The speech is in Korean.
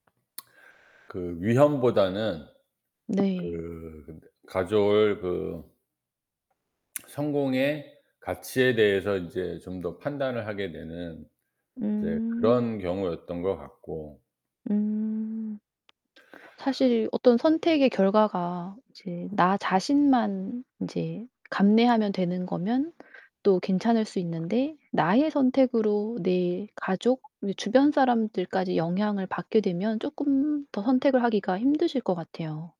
그 위험보다는 네. 그 가져올 그 성공의 가치에 대해서 인제 좀 더 판단을 하게 되는 이제 음. 그런 경우였던 것 같고. 음. 사실 어떤 선택의 결과가 이제 나 자신만 이제 감내하면 되는 거면 또 괜찮을 수 있는데 나의 선택으로 내 가족, 주변 사람들까지 영향을 받게 되면 쪼끔 더 선택을 하기가 힘드실 것 같아요.